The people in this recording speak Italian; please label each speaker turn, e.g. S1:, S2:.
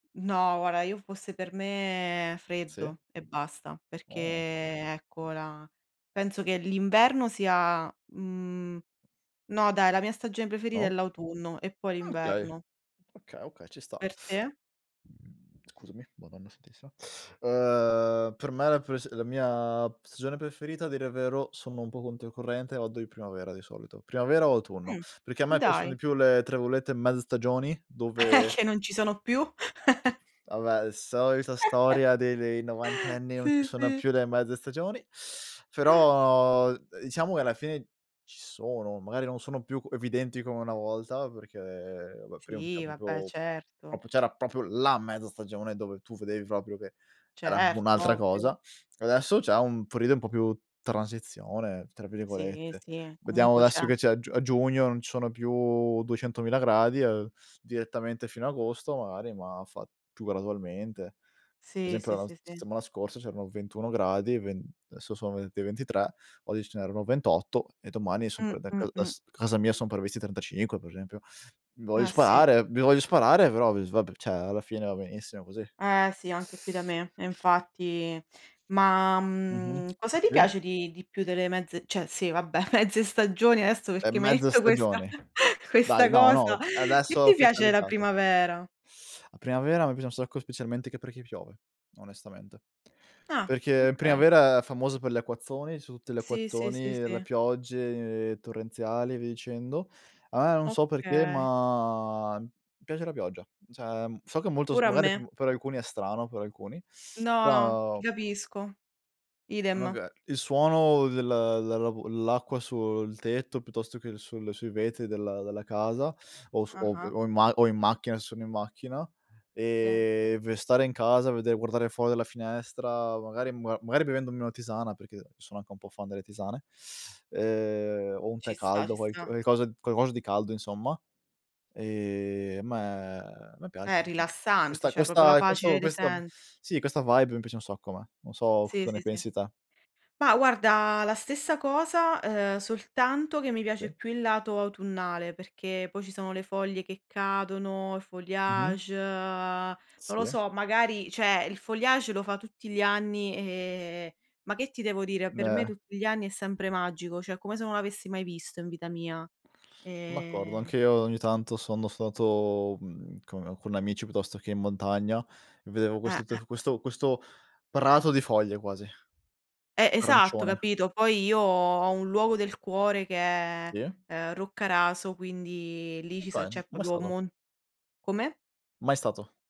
S1: No guarda, io fosse per me
S2: Sì.
S1: freddo e basta, perché
S2: Ah.
S1: ecco la penso che l'inverno sia mhmm, no dai, la mia stagione preferita è
S2: No?
S1: l'autunno e poi
S2: Mh, okay,
S1: l'inverno.
S2: okay, okay ci sta.
S1: Per te?
S2: Scusami, Madonna santissima. Uhm, per me la pres la mia stagione preferita a dire il vero sono un po' controcorrente, [unintelligible] la primavera di solito. Primavera o autunno,
S1: Mh,
S2: perché a me piacciono
S1: dai.
S2: di più le, tra virgolette, "mezze stagioni"
S1: È
S2: dove
S1: che non ci sono più
S2: Vabbè, solita storia dei dei novantenni "non ci
S1: Sì,
S2: sono
S1: sì.
S2: più le mezze stagioni", però diciamo che alla fine ci sono, magari non sono più evidenti come una volta perché va prima c'era
S1: Sì, vabbè
S2: proprio
S1: certo.
S2: proprio c'era proprio la mezza stagione dove tu vedevi proprio che era
S1: Certo,
S2: un'altra
S1: ovvio.
S2: cosa. Adesso c'è un periodo un po' più "transizione", tra
S1: Sì,
S2: virgolette.
S1: sì,
S2: Vediamo
S1: comunque c'è.
S2: adesso che c'è a giu a giugno non ci sono più duecentomila gradi, uhm, direttamente fino a agosto magari, ma fa più gradualmente. Per
S1: Sì,
S2: esempio
S1: sì,
S2: la s
S1: sì, sì.
S2: settimana scorsa c'erano 21 gradi, ven adesso son ven ventitré oggi ce n'erano 28 e domani sono
S1: Mh,
S2: prev da
S1: mh,
S2: ca
S1: mh.
S2: s casa mia sono previsti 35 per esempio. Mi voglio
S1: Ah sì.
S2: sparare, mi voglio sparare però v s vabbè cioè alla fine va benissimo così.
S1: Eh sì, anche qui da me, e infatti ma,
S2: Mh-mh.
S1: mhmm, cosa ti
S2: Sì.
S1: piace di di più delle mezze cioè sì, vabbè, mezze stagioni? Adesso
S2: È
S1: perché m'hai
S2: mezza
S1: detto questa
S2: stagione. Dai,
S1: questa
S2: no, no,
S1: cosa.
S2: t adesso
S1: Che
S2: ho
S1: ti piace la
S2: ufficializzato.
S1: primavera?
S2: La primavera a me piace un sacco specialmente che perché piove, onestamente.
S1: Ah,
S2: Perché in
S1: okay.
S2: primavera è famosa per gli acquazzoni, son tutti gli
S1: Sì, sì, sì,
S2: acquazzoni, le
S1: sì.
S2: piogge torrenziali e via dicendo. Ah, non so perché,
S1: Oka
S2: ma mi piace la pioggia. Cioè, so che è molto s
S1: Pure a
S2: magari pe
S1: me.
S2: per alcuni è strano, per alcuni,
S1: No, no,
S2: però
S1: ti capisco. Idem.
S2: Magar il suono del dell'a l'acqua sul tetto piuttosto che sul sui vetri della della casa o su
S1: Ah-ah.
S2: o in ma o in macchina se sono in macchina,
S1: Sì.
S2: ehm, ve stare in casa, vedere guardare fuori dalla finestra, magari [unintelligible] magari bevendomi una tisana perché sono anche un po' fan delle tisane, ehm, o un tè
S1: Ci sta, ci
S2: caldo, qualc
S1: sta.
S2: qualcosa qualcosa di caldo insomma. Ehm, a me a me piace
S1: È
S2: [unintelligible]
S1: rilassante,
S2: questa
S1: cioè proprio la
S2: questa
S1: pace
S2: questo
S1: dei
S2: questo
S1: sensi.
S2: sì, questa vibe mi piace un sacco a me. Non so
S1: Sì,
S2: cosa ne
S1: sì, sì.
S2: pensi te.
S1: Ma guarda, la stessa cosa, uhm, soltanto che mi piace
S2: Sì.
S1: più il lato autunnale, perché poi ci sono le foglie che cadono, il
S2: Mh-mh.
S1: feuillage, non lo
S2: Sì.
S1: so, magari cioè il feuillage lo fa tutti gli anni, eh, ma che ti devo dire? Per me
S2: Meh.
S1: tutti gli anni è sempre magico, cioè come se non l'avessi mai visto in vita mia.
S2: Son d'accordo,
S1: Ehm
S2: anche io ogni tanto sono stato, mhmm, con con amici piuttosto che in montagna e vedevo questo
S1: Ah-ah.
S2: t questo questo prato di foglie quasi
S1: Eh. Esatto,
S2: arancione.
S1: capito? Poi io ho un luogo del cuore che è,
S2: Sì.
S1: ehm, Roccaraso, quindi lì ci so
S2: Okay,
S1: cioè
S2: mai
S1: proprio
S2: stato.
S1: mon come?
S2: Mai stato.